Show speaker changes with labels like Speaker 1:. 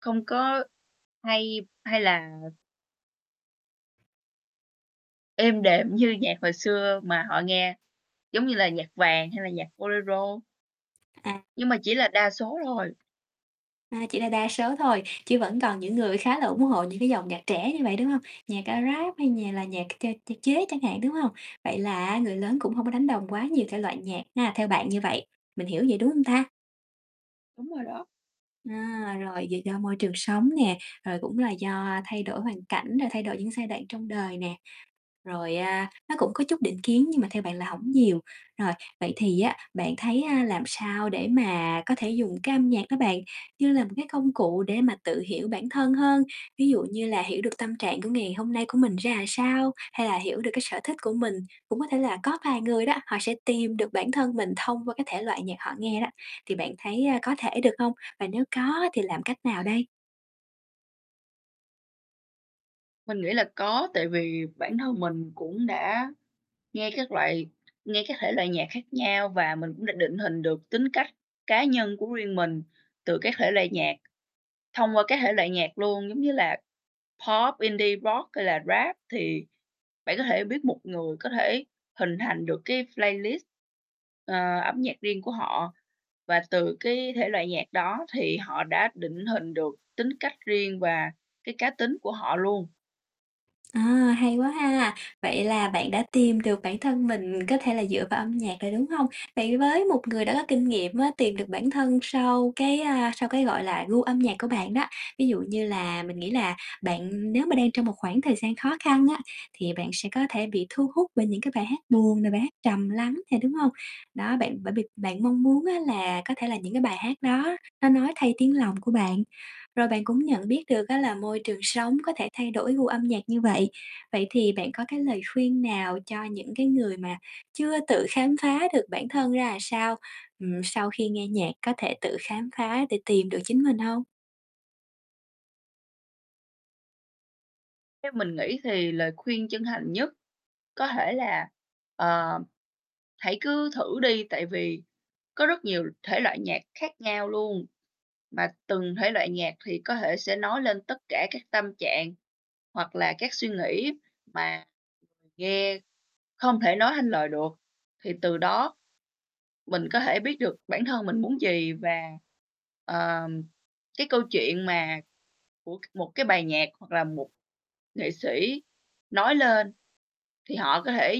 Speaker 1: Không có hay hay là Êm đềm như nhạc hồi xưa mà họ nghe, giống như là nhạc vàng hay là nhạc Bolero.
Speaker 2: À.
Speaker 1: Nhưng mà chỉ là đa số thôi.
Speaker 2: À, chỉ là đa số thôi, chứ vẫn còn những người khá là ủng hộ những cái dòng nhạc trẻ như vậy, đúng hông? Nhạc, a, Rap hay nhà là nhạc ch ch chế chẳng hạn, đúng hông? Vậy là á, người lớn cũng hông có đánh đồng quá nhiều thể loại nhạc ha, theo bạn như vậy, mình hiểu vậy đúng hông ta?
Speaker 1: Đúng rồi đó.
Speaker 2: À, rồi vậy do môi trường sống nè, rồi cũng là do thay đổi hoàn cảnh, rồi thay đổi những giai đoạn trong đời nè. Rồi, à, nó cũng có chút định kiến, nhưng mà theo bạn là hổng nhiều. Rồi, vậy thì á bạn thấy, à, làm sao để mà có thể dùng cái âm nhạc đó bạn, như là một cái công cụ để mà tự hiểu bản thân hơn? Ví dụ như là hiểu được tâm trạng của ngày hôm nay của mình ra làm sao, hay là hiểu được cái sở thích của mình. Cũng có thể là có vài người đó, họ sẽ tìm được bản thân mình thông qua cái thể loại nhạc họ nghe đó, thì bạn thấy, à, có thể được hông? Và nếu có á, thì làm cách nào đây?
Speaker 1: Mình nghĩ là có, tại vì bản thân mình cũng đã nghe các loại nghe các thể loại nhạc khác nhau, và mình cũng đã định hình được tính cách cá nhân của riêng mình từ các thể loại nhạc, thông qua các thể loại nhạc luôn. Giống như là Pop, Indie Rock hay là Rap thì bạn có thể biết một người có thể hình thành được cái playlist, ờ, âm nhạc riêng của họ, và từ cái thể loại nhạc đó thì họ đã định hình được tính cách riêng và cái cá tính của họ luôn.
Speaker 2: À, hay quá ha, vậy là bạn đã tìm được bản thân mình có thể là dựa vào âm nhạc rồi, đúng hông? Vậy với một người đã có kinh nghiệm á tìm được bản thân sau cái, a, sau cái gọi là gu âm nhạc của bạn đó, ví dụ như là mình nghĩ là bạn nếu mà đang trong một khoảng thời gian khó khăn á, thì bạn sẽ có thể bị thu hút bởi những cái bài hát buồn nè, bài hát trầm lắng nè, đúng hông? Đó, bạn bởi vì bạn mong muốn á là có thể là những cái bài hát đó nó nói thay tiếng lòng của bạn, rồi bạn cũng nhận biết được á là môi trường sống có thể thay đổi gu âm nhạc như vậy. Vậy thì bạn có cái lời khuyên nào cho những cái người mà chưa tự khám phá được bản thân ra là sao, ừm, sau khi nghe nhạc có thể tự khám phá để tìm được chính mình hông?
Speaker 1: Theo mình nghĩ thì lời khuyên chân thành nhất có thể là, ờ, hãy cứ thử đi, tại vì có rất nhiều thể loại nhạc khác nhau luôn, mà từng thể loại nhạc thì có thể sẽ nói lên tất cả các tâm trạng hoặc là các suy nghĩ mà nghe không thể nói thành lời được. Thì từ đó, mình có thể biết được bản thân mình muốn gì và, ờm, cái câu chuyện mà của một cái bài nhạc hoặc là một nghệ sĩ nói lên thì họ có thể